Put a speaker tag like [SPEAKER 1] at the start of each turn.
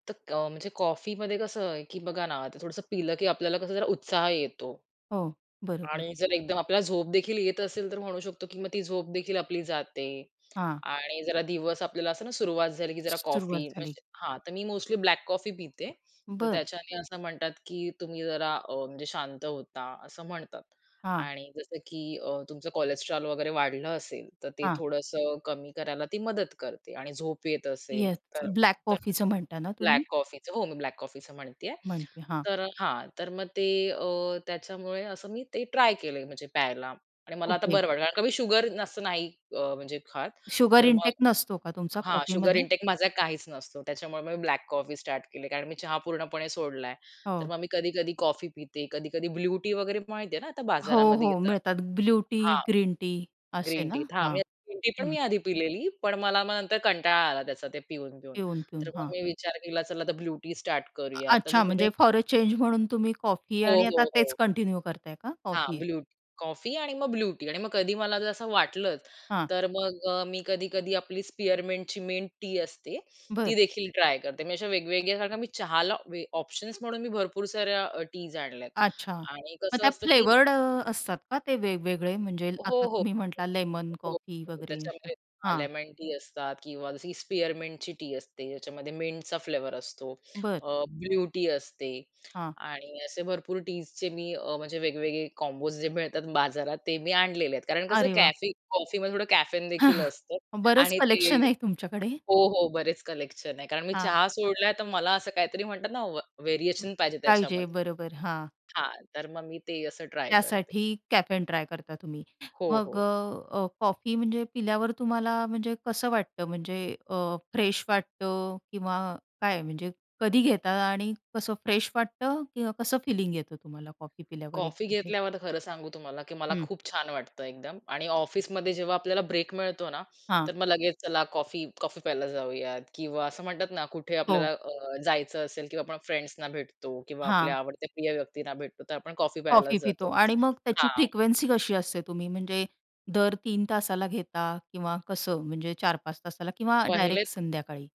[SPEAKER 1] त क म्हणजे कॉफीमध्ये कसं आहे, की बघा ना आता थोडंसं पिलं की आपल्याला कसं जरा उत्साह येतो.
[SPEAKER 2] हो, बरोबर.
[SPEAKER 1] आणि जर एकदम आपल्याला झोप देखील येत असेल, तर म्हणू शकतो की मग ती झोप देखील आपली जाते.
[SPEAKER 2] हां.
[SPEAKER 1] आणि जरा दिवस आपल्याला असं ना सुरुवात झाली की जरा कॉफी
[SPEAKER 2] सुरुवात झाली.
[SPEAKER 1] म्हणजे हां, तर मी मोस्टली ब्लॅक कॉफी पिते. तर
[SPEAKER 2] बरं.
[SPEAKER 1] त्याच्याने असं म्हणतात, की तुम्ही जरा अ, म्हणजे शांत होता असं म्हणतात.
[SPEAKER 2] हां.
[SPEAKER 1] आणि जसं की अ, तुमचं कोलेस्ट्रॉल वगैरे वाढलं असेल तर ते
[SPEAKER 2] हां.
[SPEAKER 1] थोडंसं कमी करायला ती मदत करते. आणि झोप येत असेल,
[SPEAKER 2] येस,
[SPEAKER 1] तर
[SPEAKER 2] ब्लॅक
[SPEAKER 1] तर
[SPEAKER 2] कॉफीचं म्हणता ना
[SPEAKER 1] ब्लॅक
[SPEAKER 2] तुम्ही?
[SPEAKER 1] कॉफीच हो, मी ब्लॅक कॉफीच म्हणतीये.
[SPEAKER 2] म्हणते, हां.
[SPEAKER 1] तर हां, तर मग ते अ, त्याच्यामुळे असं मी ते ट्राय केलंय म्हणजे प्यायला. आणि मला आता
[SPEAKER 2] ओके.
[SPEAKER 1] बरं वाटलं. कारण कमी शुगर असं नाही म्हणजे खात,
[SPEAKER 2] शुगर
[SPEAKER 1] तर मग
[SPEAKER 2] इंटेक नसतो का तुमचा
[SPEAKER 1] हां शुगर
[SPEAKER 2] कॉफीमध्ये?
[SPEAKER 1] इंटेक माझा काहीच नसतो, त्याच्यामुळे मी ब्लॅक कॉफी स्टार्ट केली. कारण मी चहा पूर्णपणे सोडलाय. तर
[SPEAKER 2] हो.
[SPEAKER 1] मग मी कधी-कधी कॉफी पिते. कधी-कधी ब्लू टी वगैरे माहिती आहे ना आता
[SPEAKER 2] हो,
[SPEAKER 1] बाजारामध्ये
[SPEAKER 2] हो.
[SPEAKER 1] येतात.
[SPEAKER 2] मिळतात ब्लू टी
[SPEAKER 1] हां
[SPEAKER 2] ग्रीन टी असे
[SPEAKER 1] ग्रीन
[SPEAKER 2] ना,
[SPEAKER 1] टीत, हा
[SPEAKER 2] हां.
[SPEAKER 1] ग्रीन टी पण
[SPEAKER 2] हं.
[SPEAKER 1] मी आधी पिलेली. पण मला मग नंतर कंटाळा आला त्याचा ते पिऊन पिऊन,
[SPEAKER 2] पिऊन, पिऊन
[SPEAKER 1] तर मग
[SPEAKER 2] हां.
[SPEAKER 1] मी विचार केला, चला आता ब्लू टी स्टार्ट करूया तर मी
[SPEAKER 2] अच्छा
[SPEAKER 1] मध्ये
[SPEAKER 2] म्हणजे फॉर अ चेन्ज म्हणून तुम्ही कॉफी
[SPEAKER 1] हो,
[SPEAKER 2] आणि आता
[SPEAKER 1] हो,
[SPEAKER 2] तेच
[SPEAKER 1] हो.
[SPEAKER 2] कंटिन्यू करताय का
[SPEAKER 1] हां,
[SPEAKER 2] कॉफी?
[SPEAKER 1] ब्लू टी, कॉफी आणि मग ब्लू टी आणि मग कधी मला जर असं वाटलंच,
[SPEAKER 2] हां.
[SPEAKER 1] तर मग अ, मी कधी-कधी आपली स्पिअरमिंटची मिंट टी असते, ती
[SPEAKER 2] बरं.
[SPEAKER 1] देखील ट्राय करते मी अशा वेगवेगळ्या सारख्या मी चहाला ऑप्शन्स म्हणून मी भरपूर साऱ्या टीज आणल्यात.
[SPEAKER 2] अच्छा
[SPEAKER 1] आणि
[SPEAKER 2] मग
[SPEAKER 1] कसं
[SPEAKER 2] त्यात अ,
[SPEAKER 1] असतं की
[SPEAKER 2] फ्लेवर्ड अ, असतात का. ते वेगवेगळे म्हणजे आता
[SPEAKER 1] हो, हो.
[SPEAKER 2] तुम्ही म्हटला
[SPEAKER 1] [unintelligible]
[SPEAKER 2] लेमन,
[SPEAKER 1] हो
[SPEAKER 2] कॉफी वगैरे असं?
[SPEAKER 1] त्याच्यामध्ये
[SPEAKER 2] हां.
[SPEAKER 1] लेमन टी असतात किंवा जशी स्पेअरमिंटची टी असते, त्याच्यामध्ये मिंटचा फ्लेवर असतो.
[SPEAKER 2] बरं.
[SPEAKER 1] अ, ब्लू टी असते
[SPEAKER 2] हां.
[SPEAKER 1] आणि असे भरपूर टीज चे मी अ, म्हणजे वेगवेगळे कॉम्बोज जे मिळतात बाजारात, ते मी आणलेले आहेत कारण कसं
[SPEAKER 2] अरे वाह!
[SPEAKER 1] कॅफे कॉफीमध्ये थोडं कॅफेन देखील असतं.
[SPEAKER 2] बरंच
[SPEAKER 1] आणि ते
[SPEAKER 2] कलेक्शन आहे तुमच्याकडे.
[SPEAKER 1] हो, हो. बरेच कलेक्शन आहे कारण मी
[SPEAKER 2] हां.
[SPEAKER 1] चहा सोडला तर मला असं काहीतरी म्हणतात ना, व
[SPEAKER 2] अ
[SPEAKER 1] व्हेरिएशन पाहिजे
[SPEAKER 2] पाहिजे
[SPEAKER 1] त्याच्यामध्ये.
[SPEAKER 2] बरोबर, हां.
[SPEAKER 1] हां, तर मग मी ते असं ट्राय करते.
[SPEAKER 2] त्यासाठी कॅफेन ट्राय करता तुम्ही.
[SPEAKER 1] हो,
[SPEAKER 2] मग अ,
[SPEAKER 1] हो.
[SPEAKER 2] अ, कॉफी म्हणजे पिल्यावर तुम्हाला म्हणजे कसं वाटतं, म्हणजे अ, फ्रेश वाटतं किंवा काय म्हणजे कधी घेता आणि कसं फ्रेश वाटतं किंवा कसं फिलिंग येतं तुम्हाला कॉफी पिल्यावर एक.
[SPEAKER 1] कॉफी
[SPEAKER 2] [unintelligible]
[SPEAKER 1] घेतल्यावर खरं सांगू तुम्हाला, की मला
[SPEAKER 2] हं.
[SPEAKER 1] खूप छान वाटतं एकदम. आणि ऑफिसमध्ये जेव्हा आपल्याला ब्रेक मिळतो ना,
[SPEAKER 2] हां.
[SPEAKER 1] तर मग लगेच चला कॉफी कॉफी प्यायला जाऊयात. किंवा असं म्हणतात ना कुठे आपल्याला
[SPEAKER 2] हो.
[SPEAKER 1] अ, जायचं असेल किंवा आपण फ्रेंड्सना भेटतो. किंवा
[SPEAKER 2] हां.
[SPEAKER 1] आपल्या आवडत्या प्रिय व्यक्तींना भेटतो तर आपण कॉफी
[SPEAKER 2] कॉफी
[SPEAKER 1] प्यायलाच जातो.
[SPEAKER 2] पितो आणि मग त्याची
[SPEAKER 1] हां.
[SPEAKER 2] फ्रिक्वेन्सी कशी असते. तुम्ही म्हणजे दर 3 तासाला घेता किंवा कसं म्हणजे 4-5 तासाला किंवा
[SPEAKER 1] पाहिलेत.
[SPEAKER 2] डायरेक्ट संध्याकाळी?